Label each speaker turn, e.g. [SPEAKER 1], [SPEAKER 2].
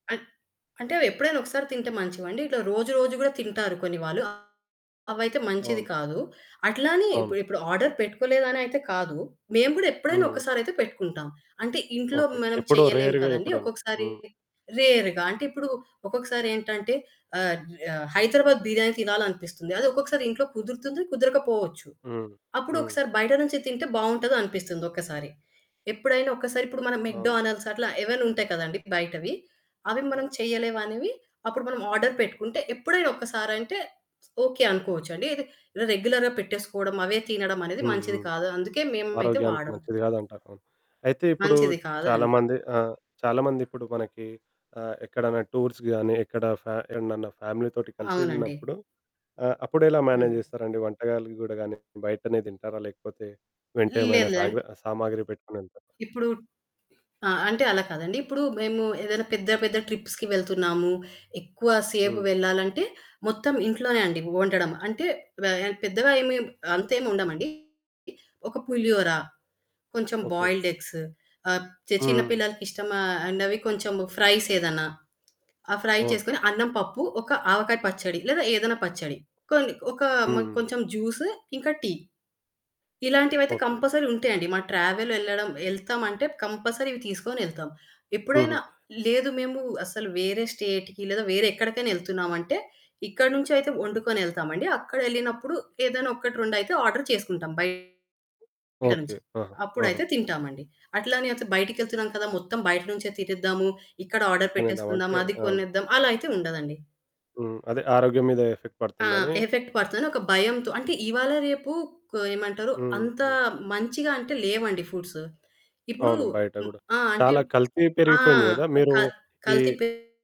[SPEAKER 1] అన్ అంటే అవెప్పుడైనా ఒకసారి తింటే మంచివండి. ఇట్లా రోజు రోజు కూడా తింటారు కొన్ని వాళ్ళు అ అవైతే మంచిది
[SPEAKER 2] అవును.
[SPEAKER 1] కాదు. అట్లా అని
[SPEAKER 2] అవును.
[SPEAKER 1] ఇప్పుడ్ ఇప్పుడు ఆర్డర్ పెట్టుకోలేదునయితే కాదు. మేము కూడా ఎప్పుడైనా
[SPEAKER 2] హ్మ్.
[SPEAKER 1] ఒక్కసారి అయితే పెట్టుకుంటాం. అంటే ఇంట్లో
[SPEAKER 2] ఓకే.
[SPEAKER 1] మనం
[SPEAKER 2] ఎప్పుడో
[SPEAKER 1] చేయలేం
[SPEAKER 2] రేర్‌గా
[SPEAKER 1] కదండీ!
[SPEAKER 2] ఎప్పుడైనా.
[SPEAKER 1] ఒక్కొక్కసారి
[SPEAKER 2] హ్మ్.
[SPEAKER 1] రేరుగా అంటే ఇప్పుడు ఒక్కొక్కసారి ఏంటంటే ఆహ్, జు ఆహ్, హైదరాబాద్ బిర్యానీ తినాలనిపిస్తుంది. అది ఒక్కొక్కసారి ఇంట్లో కుదురుతుంది, కుదరకపోవచ్చు.
[SPEAKER 2] హ్మ్. హ్మ్.
[SPEAKER 1] అప్పుడొకసారి బయట నుంచి తింటే బావుంటదనిపిస్తుంది ఒక్కసారి. ఎప్పుడైనా ఒకసారి ఇప్పుడు మనం
[SPEAKER 2] అవును.
[SPEAKER 1] మెక్‌డొనాల్డ్స్ అట్లా ఏవైనా ఉంటాయి కదండి! బయటవి అవి మనం
[SPEAKER 2] అవును.
[SPEAKER 1] చేయలేం అనేవి అప్పుడు మనం ఆర్డర్ పెట్టుకుంటే, ఎప్పుడైనా ఒకసారి అంటే ఓకే, అనుకోవచ్చు అండి. ఇది రె రెగ్యులర్‌గా పెట్టేసుకోవడం అవే తినడం అనేది మంచిది
[SPEAKER 2] హుహు.
[SPEAKER 1] కాదు. అందుకే మేమయితే
[SPEAKER 2] ఆరోగ్యానికి
[SPEAKER 1] వాడం.
[SPEAKER 2] మంచిది కాదంటారు. అవును. అయితే ఇప్పుడు
[SPEAKER 1] మంచిది కాదు
[SPEAKER 2] చాలా
[SPEAKER 1] అని.
[SPEAKER 2] మంది ఆహ్, చాలా మందిప్పుడు మనకి ఆహ్, ఎక్కడన్నా టూర్స్‌కి గాని ఎక్కడ ఫ్యా ఏడన్నన ఫ్యామిలీ తోటి
[SPEAKER 1] అవునండి.
[SPEAKER 2] కలిసెళ్ళినప్పుడు ఆహ్, అప్పుడెలా మేనేజ్
[SPEAKER 1] హ్మ్.
[SPEAKER 2] జేస్తారండి వంటకాలు గూడా గానీ బయటనే తింటారా లేకపోతే వెంట ఏమైనా
[SPEAKER 1] లేదు, లేదు.
[SPEAKER 2] సాగర
[SPEAKER 1] అంటే
[SPEAKER 2] సామాగ్రి పెట్టుకొనెళ్తారా?
[SPEAKER 1] ఇప్పుడు ఆ! అంటే అలా కాదండి! ఇప్పుడు మేము ఏదైనా పెద్ద పెద్ద ట్రిప్స్‌కి వెళ్తున్నాము. ఎక్కువ సేపు
[SPEAKER 2] హ్మ్.
[SPEAKER 1] వెళ్ళాలంటే మొత్తం ఇంట్లోనే అండి వండడం. అంటే వ యన్ పెద్దగా ఏమి అంతేమి వండమండి. ఒక పులిహోరా, కొంచెం
[SPEAKER 2] ఓకే.
[SPEAKER 1] బాయిల్డ్ ఎగ్స్ ఆహ్, చె చిన్న
[SPEAKER 2] హ్మ్.
[SPEAKER 1] పిల్లలకి ఇష్టమ అనవి కొంచెము ఫ్రైసేదన్నా ఆ ఫ్రై
[SPEAKER 2] ఓహ్!
[SPEAKER 1] చేసుకొని అన్నం, పప్పు ఒక ఆవకాయ పచ్చడి లేదా ఏదైనా పచ్చడి. కొన్ని ఒక మా
[SPEAKER 2] హుహు.
[SPEAKER 1] కొంచెం జ్యూసు ఇంకా టీ. ఇలాంటివయితే
[SPEAKER 2] ఓకే.
[SPEAKER 1] కంపల్సరీ ఉంటాయండి. మా ట్రావెల్ ఎళ్లడం ఎళ్తాం అంటే, కంపల్సరీ ఇవి తీసుకొని ఎళ్తాం.
[SPEAKER 2] హుహు.
[SPEAKER 1] ఎప్పుడైనా లేదు మేము అసలు వేరే స్టేట్‌కి లేదా వేరే ఎక్కడికైనా ఎళ్తున్నాము అంటే ఇక్కడి నుంచి అయితే వండుకొనెళ్తాం అండి. అక్కడ ఎళ్ళినప్పుడు ఏదైనా ఒకటి, రెండయితే ఆర్డర్ చేసుకుంటాం బయట
[SPEAKER 2] హ్మ్. ఓకే.
[SPEAKER 1] నుంచి.
[SPEAKER 2] ఆహా! ఆహా!
[SPEAKER 1] అప్పుడైతే తింటాం అండి. అట్లానే అంత బయటికెళ్తున్నాం కదా మొత్తం బయట నుంచే తినేద్దాము ఇక్కడ ఆర్డర్
[SPEAKER 2] తినేద్దాం
[SPEAKER 1] పెట్టేసుకుందాం.
[SPEAKER 2] అంటే
[SPEAKER 1] అది
[SPEAKER 2] అవును.
[SPEAKER 1] కొనేద్దాం అలా అయితే ఉండదండి.
[SPEAKER 2] హ్మ్. అదే ఆరోగ్యం మీద ఎఫెక్ట్
[SPEAKER 1] ఆ
[SPEAKER 2] పడుతుందని.
[SPEAKER 1] ఎఫెక్ట్ పడుతదని ఒక భయంతో అంటే ఇవాళ రేపు కో ఏమంటారు
[SPEAKER 2] హ్మ్,
[SPEAKER 1] అంత
[SPEAKER 2] హ్మ్.
[SPEAKER 1] మంచిగా అంటే లేవండి ఫుడ్స్ ఇప్పుడు
[SPEAKER 2] అవును బయట
[SPEAKER 1] హ్మ్,
[SPEAKER 2] గూడా.
[SPEAKER 1] ఆ! అంటే
[SPEAKER 2] చాలా కల్తీ
[SPEAKER 1] ఆ!
[SPEAKER 2] పెరిగిపోయింది కదా! మీరు
[SPEAKER 1] కల్ కల్తీ
[SPEAKER 2] ఈ
[SPEAKER 1] పెరిగిపోతుంది.